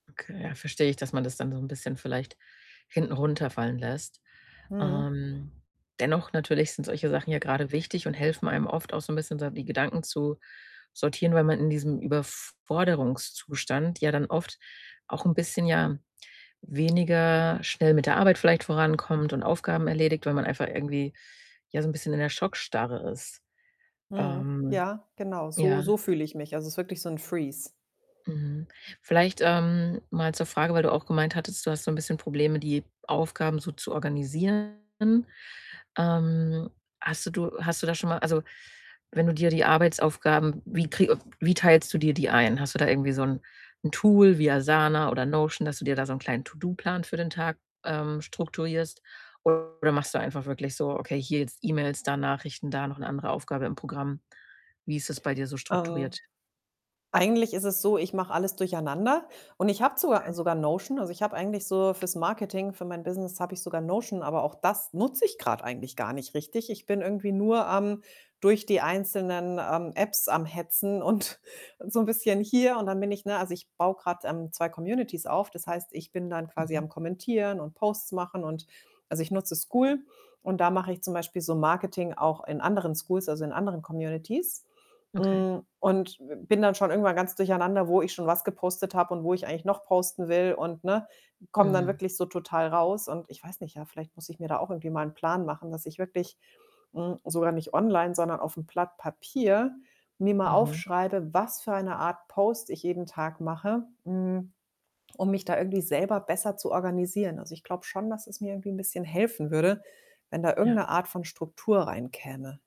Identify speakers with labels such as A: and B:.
A: Okay, ja, verstehe ich, dass man das dann so 'n bisschen vielleicht hinten runterfallen lässt.
B: Mhm.
A: Ähm, dennoch natürlich sind solche Sachen ja grade wichtig und helfen einem oft auch so 'n bisschen, so die Gedanken zu sortieren, weil man in diesem Überforderungszustand ja dann oft auch 'n bisschen, ja, weniger schnell mit der Arbeit vielleicht vorankommt und Aufgaben erledigt, weil man einfach irgendwie, ja, so 'n bisschen in der Schockstarre ist.
B: Mhm,
A: Ähm,
B: ja, genau, so
A: ja.
B: so fühle ich mich. Also, es ist wirklich so 'n freeze.
A: Mhm. Vielleicht, ähm, mal zur Frage, weil du auch gemeint hattest, du hast so 'n bisschen Probleme, die Aufgaben so zu organisieren. Ähm, hast du du hast du da schon mal also, wenn du dir die Arbeitsaufgaben wie krei wie teilst du dir die ein? Hast du da irgendwie so 'n 'n Tool wie Asana oder Notion, dass du dir da so 'n kleinen To-Do-Plan für den Tag, ähm, strukturierst? Oder machst du einfach wirklich so: „Okay, hier jetzt E-Mails, da Nachrichten, da noch 'ne andere Aufgabe im Programm?“ Wie ist das bei dir so
B: Ähm,
A: strukturiert?
B: eigentlich ist es so, ich mache alles durcheinander und ich habe sogar
A: [unintelligible]
B: sogar Notion. Also, ich habe eigentlich so fürs Marketing für mein Business, habe ich sogar Notion, aber auch das nutze ich grad eigentlich gar nicht richtig. Ich bin irgendwie nur am durch die einzelnen, ähm, Apps am Hetzen und und so 'n bisschen hier und dann bin ich, ne also ich baue grad, ähm, 2 Communities auf. Das heißt, ich bin dann quasi
A: Mhm.
B: am Kommentieren und Posts machen und also, ich nutze Skool. Und da mache ich zum Beispiel so Marketing auch in anderen Skools, also, in anderen Communities,
A: Okay.
B: hm, und b bin dann schon irgendwann ganz durcheinander, wo ich schon was gepostet habe und wo ich eigentlich noch posten will und, ne, komme dann
A: Mhm.
B: wirklich so total raus. Und ich weiß nicht, ja, vielleicht muss ich mir da auch irgendwie mal 'n Plan machen, dass ich wirklich hm, sogar nicht online, sondern aufm Blatt Papier, mir mal
A: Mhm.
B: aufschreibe, was für eine Art Post ich jeden Tag mache, hm, um mich da irgendwie selber besser zu organisieren. Also, ich glaube schon, dass es mir irgendwie 'n bisschen helfen würde, wenn da irgend 'ne
A: Ja.
B: Art von Struktur reinkäme.